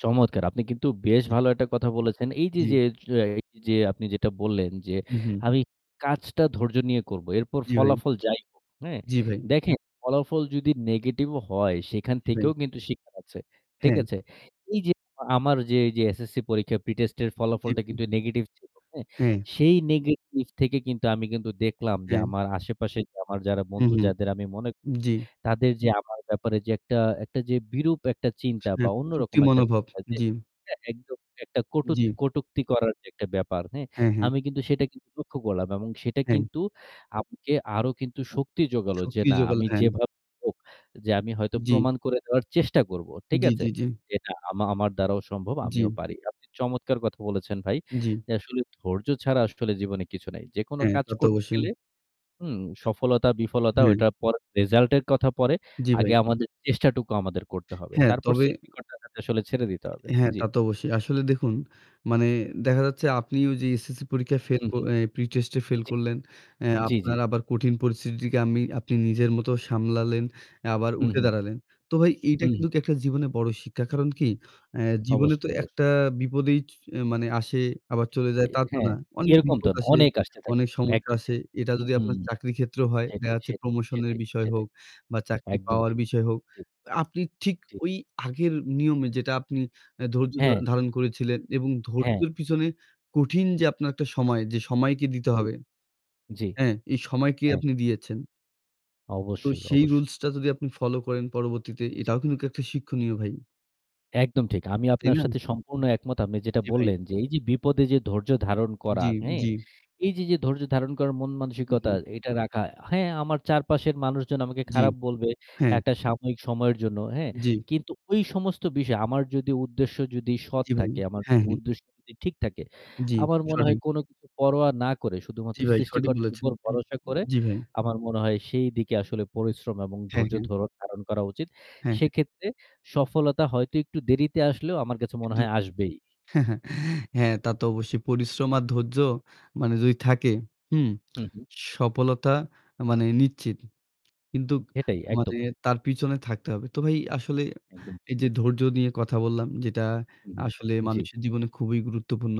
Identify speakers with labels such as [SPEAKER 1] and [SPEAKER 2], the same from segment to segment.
[SPEAKER 1] চমৎকার! আপনি কিন্তু বেশ
[SPEAKER 2] জি।
[SPEAKER 1] ভালো একটা কথা বলেছেন। এইযে,
[SPEAKER 2] জি।
[SPEAKER 1] যে, যো এইযে আপনি যেটা বললেন, যে
[SPEAKER 2] উ হুম।
[SPEAKER 1] আমি কাজটা ধৈর্য নিয়ে করব এরপর
[SPEAKER 2] জি, ভাই।
[SPEAKER 1] ফলাফল যাই হোক হ্যাঁ?
[SPEAKER 2] জি, ভাই।
[SPEAKER 1] দেখেন, ফলাফল যদি negative ও হয় সেখান
[SPEAKER 2] জি, ভাই।
[SPEAKER 1] থেকেও কিন্তু শিখার আছে। ঠিক
[SPEAKER 2] হ্যাঁ।
[SPEAKER 1] আছে? এইযে আমার যে এইযে SSC পরীক্ষার pre test এর
[SPEAKER 2] জি,
[SPEAKER 1] ফলাফলটা
[SPEAKER 2] ভাই।
[SPEAKER 1] কিন্তু negative ছিল, হ্যাঁ?
[SPEAKER 2] হ্যাঁ।
[SPEAKER 1] সেই negative থেকে কিন্তু আমি কিন্তু দেখলাম যে
[SPEAKER 2] অ্যা
[SPEAKER 1] আমার আশেপাশের আমার যারা বন্ধু
[SPEAKER 2] উহু।
[SPEAKER 1] যাদের আমি মনে,
[SPEAKER 2] জি।
[SPEAKER 1] তাদের যে আমার ব্যাপারে যে একটা একটা যে বিরূপ একটা চিন্তা বা
[SPEAKER 2] [unintelligible] যুক্তি
[SPEAKER 1] অন্যরকম একটা
[SPEAKER 2] মনোভাব।
[SPEAKER 1] চিন্তা যে
[SPEAKER 2] জি।
[SPEAKER 1] এটা একদম একটা কটূক
[SPEAKER 2] জি।
[SPEAKER 1] কটূক্তি করার যে একটা ব্যাপার, হ্যাঁ?
[SPEAKER 2] হ্যাঁ, হ্যাঁ।
[SPEAKER 1] আমি কিন্তু সেটা কিন্তু লক্ষ্য করলাম এবং সেটা
[SPEAKER 2] হ্যাঁ।
[SPEAKER 1] কিন্তু আমাকে আরও কিন্তু শক্তি জোগালো যে
[SPEAKER 2] শক্তি
[SPEAKER 1] না
[SPEAKER 2] যোগালো
[SPEAKER 1] আমি
[SPEAKER 2] হ্যাঁ।
[SPEAKER 1] যেভাবেই হোক যে আমি হয়তো
[SPEAKER 2] জি।
[SPEAKER 1] প্রমাণ করে দেওয়ার চেষ্টা করব। ঠিক
[SPEAKER 2] জি,
[SPEAKER 1] আছে?
[SPEAKER 2] জি, জি।
[SPEAKER 1] যে না আমা আমার দ্বারাও সম্ভব, আমিও
[SPEAKER 2] জি।
[SPEAKER 1] পারি। আপনি চমৎকার কথা বলেছেন, ভাই।
[SPEAKER 2] জি।
[SPEAKER 1] যে আসলে ধৈর্য ছাড়া আসলে জীবনে কিছু নাই। যেকোনো
[SPEAKER 2] হ্যাঁ,
[SPEAKER 1] কাজ
[SPEAKER 2] তা তো
[SPEAKER 1] করতে
[SPEAKER 2] অবশ্যই।
[SPEAKER 1] গেলে হুম, সফলতা বিফলতা
[SPEAKER 2] হ্যাঁ।
[SPEAKER 1] ওটার পরে result এর কথা পরে।
[SPEAKER 2] জি, ভাই।
[SPEAKER 1] আগে আমাদের চেষ্টাটুকু আমাদের করতে হবে।
[SPEAKER 2] হ্যাঁ,
[SPEAKER 1] তারপর
[SPEAKER 2] তবে
[SPEAKER 1] সৃষ্টিকর্তার কাছে আসলে ছেড়ে দিতে হবে।
[SPEAKER 2] হ্যাঁ,
[SPEAKER 1] জি।
[SPEAKER 2] তা তো অবশ্যই। আসলে দেখুন, মানে দেখা যাচ্ছে আপনিও যে SSC পরীক্ষায় fail ক
[SPEAKER 1] উহু।
[SPEAKER 2] অ্যা pre test-এ fail
[SPEAKER 1] জি,
[SPEAKER 2] করলেন, অ্যা
[SPEAKER 1] জি, জি।
[SPEAKER 2] আপনার আবার কঠিন পরিস্থিতিকে আমি আপনি নিজের মতো সামলালেন, অ্যা আবার
[SPEAKER 1] হুম,
[SPEAKER 2] উঠে
[SPEAKER 1] হুম,
[SPEAKER 2] দাঁড়ালেন। তো ভাই, এইটা
[SPEAKER 1] হুম।
[SPEAKER 2] কিন্তু একটা জীবনে বড় শিক্ষা। কারণ কি? অ্যা জীবনে
[SPEAKER 1] অবশ্যই,
[SPEAKER 2] তো
[SPEAKER 1] অবশ্যই।
[SPEAKER 2] একটা বিপদই চ মানে আসে আবার চলে যায়,
[SPEAKER 1] এ
[SPEAKER 2] তা তো
[SPEAKER 1] হ্যাঁ,
[SPEAKER 2] না। অনেক
[SPEAKER 1] এরকম
[SPEAKER 2] বিপদ
[SPEAKER 1] তো না।
[SPEAKER 2] আসে,
[SPEAKER 1] অনেক আসতে থাকে।
[SPEAKER 2] অনেক সমস্যা
[SPEAKER 1] একদম
[SPEAKER 2] আসে।
[SPEAKER 1] ঠিক।
[SPEAKER 2] এটা যদি আপনার
[SPEAKER 1] হুম।
[SPEAKER 2] চাকরির ক্ষেত্রও হয়, দেখা
[SPEAKER 1] সেটাই,
[SPEAKER 2] যাচ্ছে
[SPEAKER 1] সেটাই,
[SPEAKER 2] promotion-এর
[SPEAKER 1] সেটাই,
[SPEAKER 2] বিষয় হোক
[SPEAKER 1] সেটাই।
[SPEAKER 2] বা চাকরি
[SPEAKER 1] একদম
[SPEAKER 2] পাওয়ার
[SPEAKER 1] ঠিক।
[SPEAKER 2] বিষয় হোক,
[SPEAKER 1] ঠিক।
[SPEAKER 2] আপনি ঠিক
[SPEAKER 1] জি।
[SPEAKER 2] ওই আগের নিয়মে যেটা আপনি অ্যা ধৈর্য ধ
[SPEAKER 1] হ্যাঁ।
[SPEAKER 2] ধারণ করেছিলেন এবং
[SPEAKER 1] হ্যাঁ।
[SPEAKER 2] ধৈর্যর পিছনে কঠিন যে আপনার একটা সময়, যে সময়কে দিতে
[SPEAKER 1] জি,
[SPEAKER 2] হবে,
[SPEAKER 1] জি।
[SPEAKER 2] হ্যাঁ, এই সময়কে
[SPEAKER 1] হ্যাঁ।
[SPEAKER 2] আপনি দিয়েছেন তো
[SPEAKER 1] অবশ্যই,
[SPEAKER 2] সেই
[SPEAKER 1] অবশ্যই।
[SPEAKER 2] rules-টা যদি আপনি follow করেন পরবর্তীতে
[SPEAKER 1] জি।
[SPEAKER 2] এটাও কিন্তু একটা শিক্ষণীয়, ভাই।
[SPEAKER 1] একদম ঠিক। আমিও
[SPEAKER 2] তাই
[SPEAKER 1] আপনার
[SPEAKER 2] না?
[SPEAKER 1] সাথে সম্পূর্ণ একমত। আপনি যেটা
[SPEAKER 2] জি ভাই।
[SPEAKER 1] বললেন, যে এইযে বিপদে যে ধৈর্য ধারণ
[SPEAKER 2] জি,
[SPEAKER 1] করা, হ্যাঁ?
[SPEAKER 2] জি।
[SPEAKER 1] এইযে, যে ধৈর্য ধারণ করার
[SPEAKER 2] উ
[SPEAKER 1] মন-মানসিকতা
[SPEAKER 2] হু।
[SPEAKER 1] এটা রাখা, হ্যাঁ আমার চারপাশের মানুষজন আমাকে
[SPEAKER 2] জি।
[SPEAKER 1] খারাপ বলবে
[SPEAKER 2] হ্যাঁ।
[SPEAKER 1] একটা সাময়িক সময়ের জন্য, হ্যাঁ?
[SPEAKER 2] জি।
[SPEAKER 1] কিন্তু ওই সমস্ত বিষয় আমার যদি উদ্দেশ্য যদি সৎ
[SPEAKER 2] জি ভাই।
[SPEAKER 1] থাকে, আমার
[SPEAKER 2] হ্যাঁ, হ্যাঁ।
[SPEAKER 1] উদ্দেশ্য যদি ঠিক থাকে,
[SPEAKER 2] জি,
[SPEAKER 1] আমার মনে হয়
[SPEAKER 2] সঠিক।
[SPEAKER 1] কোন কিছু পরোয়া না করে
[SPEAKER 2] জি
[SPEAKER 1] শুধুমাত্র
[SPEAKER 2] ভাই, সঠিক
[SPEAKER 1] সৃষ্টিকর্তার
[SPEAKER 2] বলেছেন।
[SPEAKER 1] উপর ভরসা করে
[SPEAKER 2] জি ভাই।
[SPEAKER 1] আমার মনে হয় সেই দিকে আসলে পরিশ্রম এবং
[SPEAKER 2] হ্যাঁ,
[SPEAKER 1] ধৈর্য
[SPEAKER 2] হ্যাঁ।
[SPEAKER 1] ধরণ ধারণ করা উচিত।
[SPEAKER 2] হ্যাঁ, হ্যাঁ।
[SPEAKER 1] সেক্ষেত্রে সফলতা হয়তো একটু দেরিতে আসলেও আমার কাছে মনে
[SPEAKER 2] কিন্তু
[SPEAKER 1] হয় আসবেই।
[SPEAKER 2] হ্যাঁ, তা তো অবশ্যই পরিশ্রম আর ধৈর্য মানে যদি থাকে, হুম?
[SPEAKER 1] হু, হু।
[SPEAKER 2] সফলতা মানে নিশ্চিত। কিন্তু
[SPEAKER 1] সেটাই
[SPEAKER 2] মানে
[SPEAKER 1] একদম।
[SPEAKER 2] তার পিছনে থাকতে হবে। তো ভাই আসলে
[SPEAKER 1] একদম
[SPEAKER 2] এই
[SPEAKER 1] ঠিক।
[SPEAKER 2] যে ধৈর্য নিয়ে কথা বললাম যেটা
[SPEAKER 1] হুম,
[SPEAKER 2] আসলে
[SPEAKER 1] হুম। জি।
[SPEAKER 2] মানুষের জীবনে খুবই গুরুত্বপূর্ণ।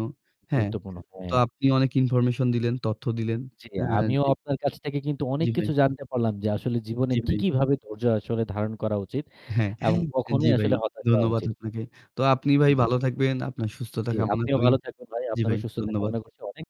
[SPEAKER 2] হ্যাঁ?
[SPEAKER 1] গুরুত্বপূর্ণ,
[SPEAKER 2] তো
[SPEAKER 1] হ্যাঁ।
[SPEAKER 2] আপনি অনেক information দিলেন, তথ্য দিলেন।
[SPEAKER 1] জি,
[SPEAKER 2] হ্যাঁ,
[SPEAKER 1] আমিও
[SPEAKER 2] জি।
[SPEAKER 1] আপনার কাছ থেকে কিন্তু অনেক
[SPEAKER 2] জি ভাই।
[SPEAKER 1] কিছু জানতে পারলাম যে আসলে জীবনে
[SPEAKER 2] জি
[SPEAKER 1] কি,
[SPEAKER 2] ভাই।
[SPEAKER 1] কি ভাবে ধৈর্য আসলে ধারণ করা উচিত
[SPEAKER 2] হ্যাঁ।
[SPEAKER 1] এবং
[SPEAKER 2] অ্যা জি
[SPEAKER 1] কখনোই
[SPEAKER 2] ভাই।
[SPEAKER 1] আসলে হতাশ হওয়া
[SPEAKER 2] ধন্যবাদ
[SPEAKER 1] উচিত
[SPEAKER 2] আপনাকে। তো আপনি ভাই
[SPEAKER 1] জি।
[SPEAKER 2] ভালো থাকবেন, আপনার সুস্থতা
[SPEAKER 1] জি,
[SPEAKER 2] কামনা
[SPEAKER 1] আপনিও
[SPEAKER 2] করি।
[SPEAKER 1] ভালো থাকবেন ভাই।
[SPEAKER 2] জি
[SPEAKER 1] আপনারও
[SPEAKER 2] ভাই,
[SPEAKER 1] সুস্থতা
[SPEAKER 2] ধন্যবাদ।
[SPEAKER 1] কামনা করছি অনেক।